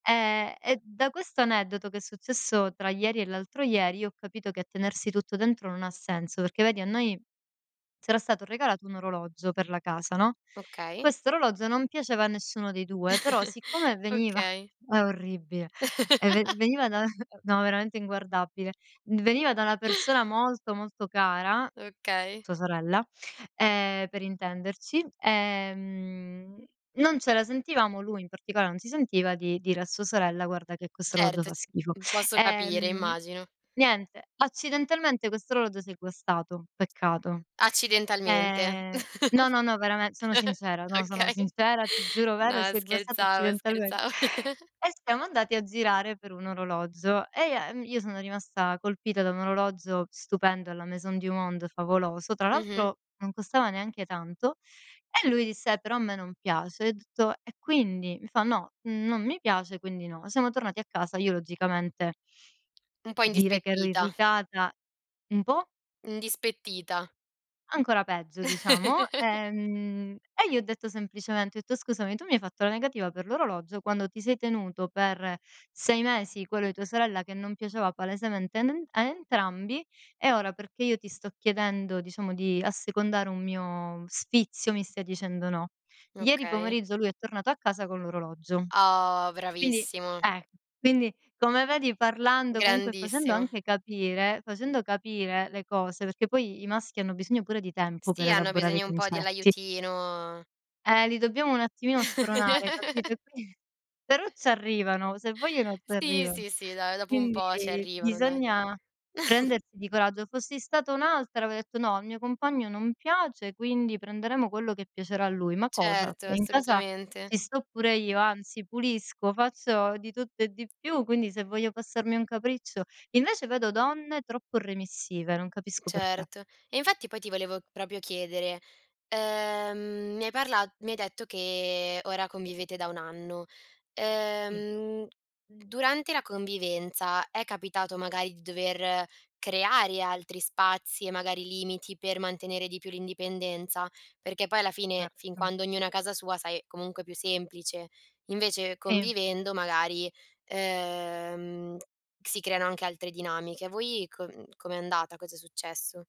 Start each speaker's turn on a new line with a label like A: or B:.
A: Eh e da questo aneddoto, che è successo tra ieri e l'altro ieri, io ho capito che a tenersi tutto dentro non ha senso. Perché vedi a noi c'era stato regalato un orologio per la casa, no,
B: Okay.
A: questo orologio non piaceva a nessuno dei 2, però siccome veniva
B: Okay.
A: è orribile, eh ven veniva da no, veramente inguardabile. D veniva da una persona molto, molto cara,
B: Okay.
A: sua sorella, ehm, per intenderci, ehm non ce la sentivamo, lui in particola non si sentiva di dire a sua sorella guarda che questo orologio
B: Certo
A: fa
B: c
A: schifo.
B: uhm, posso capire,
A: Ehm,
B: immagino.
A: niente, accidentalmente questo orologio si è guastato, peccato.
B: Accidentalmente.
A: Ehm, no, no, no, verame sono sincera, no, sono
B: Okay.
A: sincera, ti giuro
B: No
A: vero, si è guastato
B: scherzavo,
A: accidentalmen
B: scherzavo.
A: E siamo andati a girare per un orologio e ia uhm, io sono rimasta colpita da un orologio stupendo alla Maison du Monde, favoloso. Tra
B: Mh-mh.
A: l'altro non costava neanche tanto. E lui disse: "Però a me non piace", ho detto: "E quindi?", mi fa: "No, non mi piace, quindi no". Siamo tornati a casa. Io logicamente
B: Un po'
A: dire che ero
B: indispettita.
A: irritata Un po'?
B: Indispettita.
A: Ancora peggio, diciamo. Ehm, e gli ho detto semplicemente, ho etto: "Scusami, tu mi hai fatto la negativa per l'orologio quando ti sei tenuto per 6 mesi quello di tua sorella che non piaceva palesemente a nen a entrambi, e ora perché io ti sto chiedendo diciamo di assecondare un mio sfizio, mi stai dicendo no". Ieri
B: Okay.
A: pomeriggio lui è tornato a casa con l'orologio.
B: Oh,
A: Quindi
B: bravissimo.
A: eh, quindi come vedi parlando comunque facendo
B: Grandissimo.
A: anche capire, facendo capire le cose, perché poi i i maschi hanno bisogno pure di tempo per
B: Sì, hanno
A: elaborare i
B: bisogno un po'
A: concetti.
B: dell'aiutino
A: Eh, li dobbiamo un attimino spronare, capito, e qui però ci arrivano, se vogliono ci
B: Sì,
A: arrivano.
B: sì, sì, dai, dopo un po' ci
A: Quindi
B: arrivano, dai.
A: bisogna prendersi di coraggio. Fossi stata un'altra avrei detto: "No, al mio compagno non piace, quindi prenderemo quello che piacerà a lui". Ma cosa?
B: Certo,
A: In casa
B: assolutamente.
A: ci sto pure io, anzi, pulisco, faccio di tutto e di più, quindi se voglio passarmi un capriccio. Invece, vedo donne troppo remissive, non capisco perché.
B: Certo. E infatti poi ti volevo proprio chiedere, ehm mi hai parla mi hai detto che ora convivete da 1 anno.
A: Sì.
B: Ehm, durante la convivenza è capitato magari di dover creare altri spazi e magari limiti per mantenere di più l'indipendenza? Perché poi alla fine, fin
A: Certo.
B: quando ognuno è casa sua, sai, comunque è più semplice. Invece
A: Sì.
B: convivendo magari, ehm, si creano anche altre dinamiche. Voi co uhm, com'è andata? Cosa è successo?